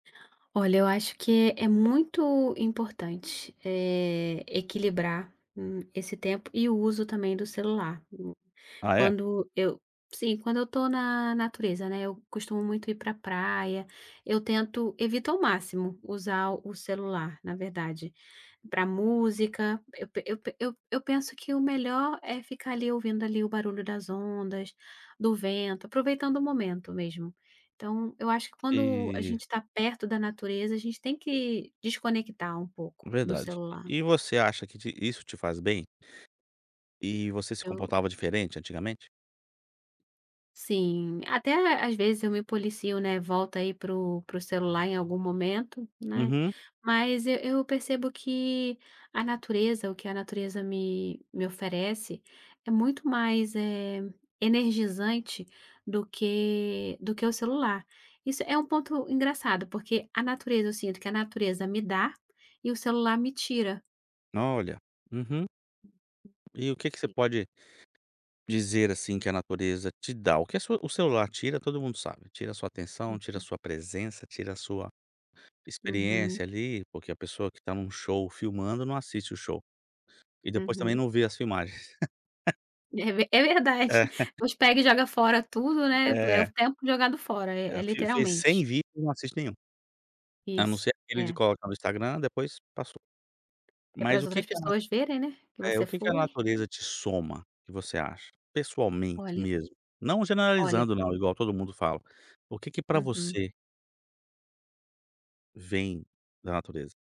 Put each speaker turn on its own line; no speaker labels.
Olha, eu acho que é muito importante, eh, equilibrar, hum, esse tempo e o uso também do celular o
Ah, é?
Quando eu Sim, quando eu estou na natureza, né, eu costumo muito ir pra praia. Eu tento evito ao máximo usar o celular, na verdade. Pra música, eu pe eu pe eu eu penso que o melhor é ficar ali ouvindo ali o barulho das ondas, do vento, aproveitando o momento mesmo. Então, eu acho que, quando a gente
E
está perto da natureza, a gente tem que desconectar um pouco do
Verdade.
celular.
E você acha que te isso te faz bem? E você se
Eu
comportava diferente antigamente?
Sim, até às vezes eu me policio, né. Volto aí para o para o celular em algum momento, né,
Uhum.
mas e eu percebo que a natureza, o que a natureza me me oferece, é muito mais, eh, energizante do que do que o celular. Isso é um ponto engraçado, porque a natureza eu sinto que a natureza me dá, e o celular me tira.
Olha, uhum. E o que que você
[unintelligible]
pode dizer, assim, que a natureza te dá? O que a sua o celular tira todo mundo sabe: tira a sua atenção, tira a
Uhum.
sua presença, tira a sua
Uhum.
experiência ali, porque a pessoa que está num show filmando, não assiste o show. E depois também
Uhum.
não vê as filmagens.
É ve é verdade.
É.
Uns pega e joga fora tudo, né? Po é o f
É.
tempo jogado fora.
E
É é
fi fez
literalmente.
100 vídeos e não assiste nenhum. A não
Isso.
ser aquele de
É.
colocar no Instagram, depois passou.
É
Mas
pras
o que
outras
que ela
pessoas verem, né, que
[unintelligible] eh,
você
o que que a
foi.
natureza te soma, que você acha? Pessoalmente,
Olha.
mesmo. Não
Olha.
generalizando, não, igual todo mundo fala. O que que pra
Uhum.
você vem da natureza?